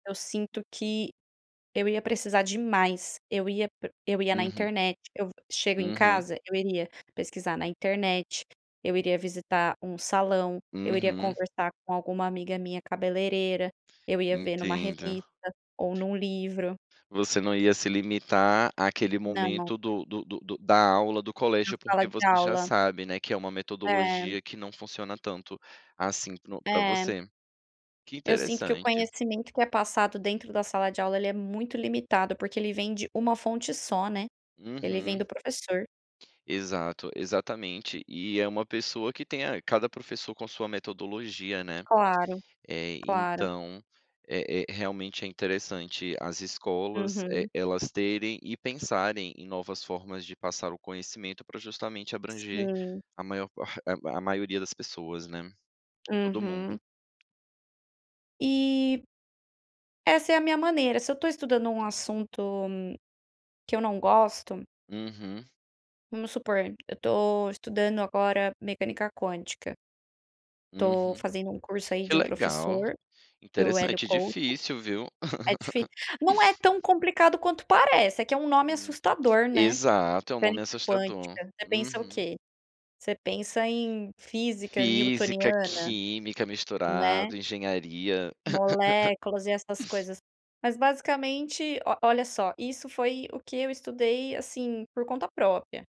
Eu sinto que eu ia precisar de mais, eu ia pre eu ia na Uhum. internet. Eu chego em Uhum. casa, eu iria pesquisar na internet, eu iria visitar um salão, eu iria Uhum. conversar com alguma amiga minha cabeleireira, eu ia ver numa Entendo. revista, ou num livro. Você não ia se limitar àquele Não. Não. momento do do do do da aula do Na colégio, sala porque de você já aula. sabe, né, que é uma É. metodologia que não funciona tanto assim, no para É você. Que Eu sinto que o interessante. conhecimento que é passado dentro da sala de aula, ele é muito limitado, porque ele vem de uma fonte só, né, ele vem Uhum. do professor. Exato, exatamente, e é uma pessoa que tem a cada professor com sua metodologia, né. Claro, Eh, claro. então, é é realmente, é interessante as escolas e Uhum. elas terem e pensarem em novas formas de passar o conhecimento, para justamente abranger Sim. a maior par a maioria das pessoas, né. Todo mundo. Uhum. E, essa é a minha maneira, se eu estou estudando um Hum. assunto, que eu não gosto Uhum. vamos supor, eu tô estudando, agora, mecânica quântica estou Uhum. fazendo um curso aí Que de um legal. professor, do Hélio Interessante, Couto. difícil, viu. É dif não é tão complicado quanto parece, é que é um nome Hum. assustador, né, Exato, é um nome mecânica assustador. quântica, você pensa o Uhum. quê? Você pensa em física Física, newtoniana, química, né. misturado, engenharia. Moléculas e essas coisas. Mas, basicamente, o olha só, isso foi o que eu estudei, assim, por conta própria.